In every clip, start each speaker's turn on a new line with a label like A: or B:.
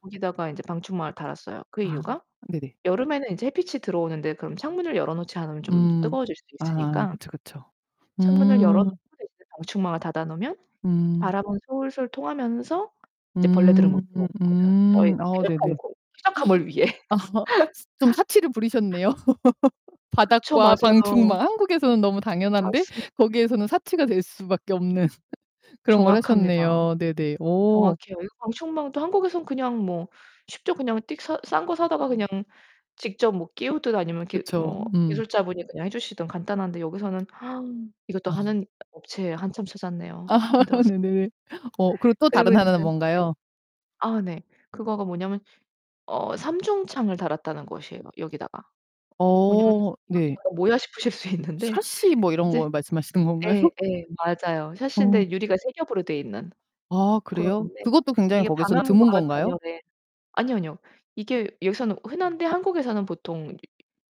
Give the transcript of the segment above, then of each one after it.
A: 거기다가 이제 방충망을 달았어요. 그
B: 아
A: 이유가
B: 네네.
A: 여름에는 인제 햇빛이 들어오는데 그럼 창문을 열어 놓지 않으면 좀
B: 음.
A: 뜨거워질 수
B: 아
A: 있으니까
B: 그쵸, 그쵸.
A: 창문을 열어
B: 음.
A: 놓고 이제 방충망을 닫아 놓으면
B: 음.
A: 바람은 솔솔 통하면서 이제 벌레들은
B: 음.
A: 못 들어오는 거죠. 저희
B: 음음. 아
A: 쾌적한
B: 네네.
A: 곳 쾌적함을 위해.
B: 좀 사치를 부리셨네요.
A: 그쵸.
B: 바닥과
A: 맞아요.
B: 방충망 한국에서는 너무 당연한데
A: 맞습
B: 거기에서는 사치가 될 수 밖에 없는 그런 걸
A: 정확합니다.
B: 하셨네요. 네네. 오.
A: 정확해요. 이거 방충망도 한국에선 그냥 뭐 쉽죠? 그냥 띡 사 싼 거 사다가 그냥
B: 오.
A: 직접 뭐 끼우든 아니면 이렇게
B: 그쵸.
A: 뭐
B: 음.
A: 기술자분이 그냥 해 주시든 간단한데 여기서는 이것도
B: 아.
A: 하는 업체 한참 찾았네요.
B: 아
A: 힘들었어요.
B: 네네. 어 그리고 또
A: 그리고
B: 다른 하나는
A: 인제 네.
B: 뭔가요?
A: 아 네. 그거가 뭐냐면 어 삼중창을 달았다는 것이에요, 여기다가. 뭐냐면은
B: 어.
A: "이거
B: 네.
A: 지금 약간 뭐야?" 싶으실 수 있는데
B: 샤시 뭐 이런
A: 인제
B: 거 말씀하시는 건가요?
A: 예 예. 맞아요.
B: 어.
A: 샤시인데 유리가 3 겹으로 돼 있는.
B: 아 그래요?
A: 그런데
B: 그것도 굉장히
A: 이게
B: 거기선
A: 방음과
B: 드문 건가요?
A: 단열에 아니요, 아니요. 이게 여기서는 흔한데 한국에서는 보통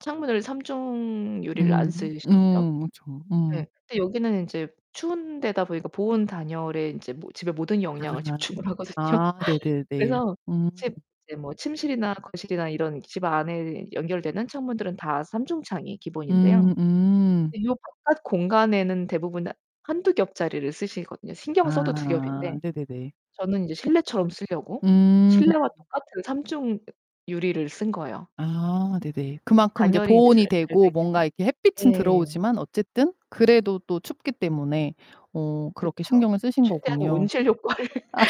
A: 창문을 3 중 유리를 안
B: 음.
A: 쓰시죠?
B: 음. 그쵸. 음.
A: 예. 근데 여기는 인제 추운 데다 보니까 보온 단열에 인제 집에 모든 역량을
B: 아.
A: 집중 하거든요.
B: 아 네네네.
A: 그래서
B: 음.
A: 집 이제 뭐 침실이나 거실이나 이런 집 안에 연결되는 창문들은 다 3 중창이 기본인데요.
B: 음 음.
A: 요 바깥 공간에는 대부분 1-2 겹짜리를 쓰시거든요. 신경 써도 2
B: 아
A: 겹인데
B: 네네네.
A: 저는 이제 실내처럼 쓰려고
B: 음.
A: 실내와 똑같은 3 중 유리를 쓴 거예요.
B: 아 네네. 그만큼 인제
A: 단열이 인제
B: 보온이
A: 잘 잘
B: 되고
A: 되게요.
B: 뭔가 이렇게 햇빛은
A: 예.
B: 들어오지만 어쨌든 그래도 또 춥기 때문에 어 그렇게
A: 그쵸.
B: 신경을 쓰신
A: 최대한
B: 거군요.
A: 온실효과를
B: 아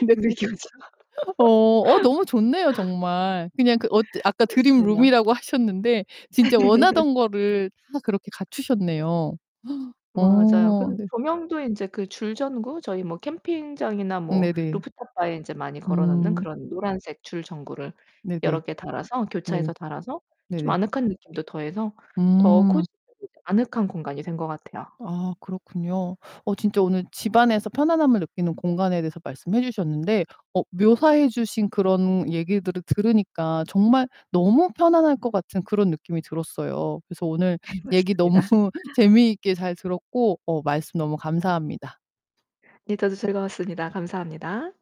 B: 네
A: 느끼고자.
B: 어, 어 너무 좋네요. 정말. 그냥 그 어 아까
A: 그렇습니다.
B: 드림룸이라고 하셨는데 진짜 원하던 거를 다 그렇게 갖추셨네요.
A: 맞아요. 그
B: 어 네.
A: 조명도 인제 그 줄 전구 저희 뭐 캠핑장이나 뭐
B: 네네.
A: 루프탑 바에 많이 걸어 놓는
B: 음.
A: 그런 노란색 줄 전구를
B: 네네.
A: 여러 개 달아서
B: 네.
A: 교차해서 달아서 좀
B: 네네.
A: 아늑한 느낌도 더해서 더
B: 음.
A: 코지 아늑한 공간이 된 것 같아요.
B: 아 그렇군요. 어 진짜 오늘 집안에서 편안함을 느끼는 공간에 대해서 말씀해 주셨는데 어 묘사해 주신 그런 얘기들을 들으니까 정말 너무 편안할 것 같은 그런 느낌이 들었어요. 그래서 오늘
A: 네
B: 얘기 너무
A: 맞습니다.
B: 재미있게 잘 들었고 어 말씀 너무 감사합니다.
A: 네 저도 즐거웠습니다. 감사합니다.